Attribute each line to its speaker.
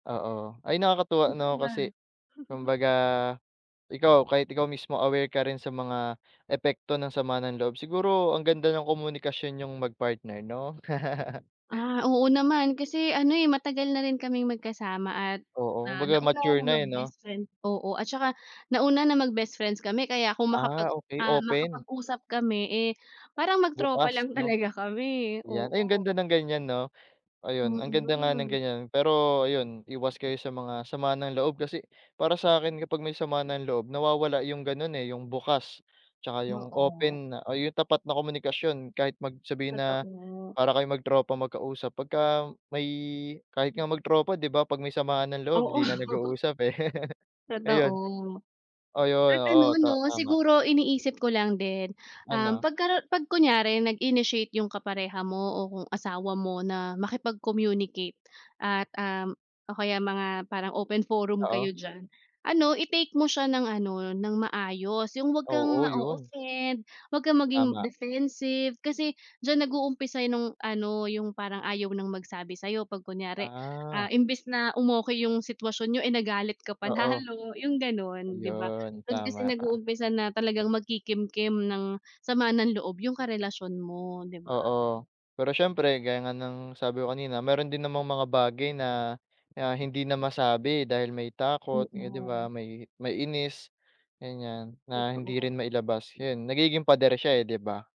Speaker 1: Oo, ay nakakatuwa
Speaker 2: Ikaw
Speaker 1: 'no
Speaker 2: ba?
Speaker 1: kasi kumbaga, ikaw kahit ikaw mismo aware ka rin sa mga epekto ng sama ng loob. Siguro ang ganda ng komunikasyon niyong magpartner 'no?
Speaker 2: Ah oo naman, kasi ano eh matagal na rin kaming magkasama at,
Speaker 1: Oo,
Speaker 2: ah
Speaker 1: kumbaga
Speaker 2: nauna
Speaker 1: mature
Speaker 2: na
Speaker 1: na
Speaker 2: mag
Speaker 1: eh, 'no.
Speaker 2: bestfriend, oo at saka nauna na mag bestfriends kami kaya kung
Speaker 1: Ah,
Speaker 2: makapag,
Speaker 1: okey
Speaker 2: ah
Speaker 1: open.
Speaker 2: makapag-usap kami, eh parang mag tropa
Speaker 1: Bukas
Speaker 2: lang
Speaker 1: 'no,
Speaker 2: talaga kami,
Speaker 1: yan. Ay ang
Speaker 2: oo.
Speaker 1: ganda ng ganiyan 'no. Ayun,
Speaker 2: Mm,
Speaker 1: ang
Speaker 2: 'yun
Speaker 1: ganda nga
Speaker 2: rin
Speaker 1: ng
Speaker 2: ano.
Speaker 1: ganiyan. Pero ayun, iwas kayo sa mga sama ng loob kasi, para sa'kin kapag may sama ng loob nawawala 'yung ganun eh 'yung bukas, 'tsaka 'yung
Speaker 2: Oo.
Speaker 1: open na o 'yung tapat na komunikasyon kahit mag sabihin na,
Speaker 2: Totoo.
Speaker 1: para kayong magtropa magkausap, pagka may kahit nga magtropa 'di ba 'pag may samaan ng loob 'di na
Speaker 2: Oo.
Speaker 1: nag-uusap eh. Ayun,
Speaker 2: Totoo,
Speaker 1: oh 'yun,
Speaker 2: at
Speaker 1: oo
Speaker 2: ano 'no
Speaker 1: ta tama.
Speaker 2: siguro iniisip ko lang din, um,
Speaker 1: Ano?
Speaker 2: 'pag karo 'pag kunyari nag-initiate 'yung kapareha mo o kung asawa mo na makipag-communicate at, um, o kaya mga parang open forum kayo
Speaker 1: Oo.
Speaker 2: diyan. Ano i-take mo siya ng ano ng maayos, 'yung huwag kang
Speaker 1: Oo 'yun.
Speaker 2: ma-o-offend, huwag kang maging
Speaker 1: Tama.
Speaker 2: defensive kasi diyan nag-uumpisa nung ano 'yung parang ayaw ng magsabi sa'yo 'pag kunyari
Speaker 1: Ah.
Speaker 2: ah, imbis na, um, 'yung sitwasyon n'yo ay nagalit ka pa
Speaker 1: Oo.
Speaker 2: lalo 'yung gano'n 'di ba.
Speaker 1: Ayun
Speaker 2: Dun kasi
Speaker 1: tama ka.
Speaker 2: nag-uumpisa na talagang magkikimkim ng sama ng loob 'yung karelasyon mo, 'di ba.
Speaker 1: Oo, pero siyempre gaya nga ng sabi ko kanina, meron din namang mga bagay na na hindi na masabi dahil may
Speaker 2: Mm,
Speaker 1: takot eh 'di
Speaker 2: 'no.
Speaker 1: ba, may may inis, ganiyan na hindi rin
Speaker 2: Totoo.
Speaker 1: mailabas. 'Yun nagiging pader siya eh, 'di ba.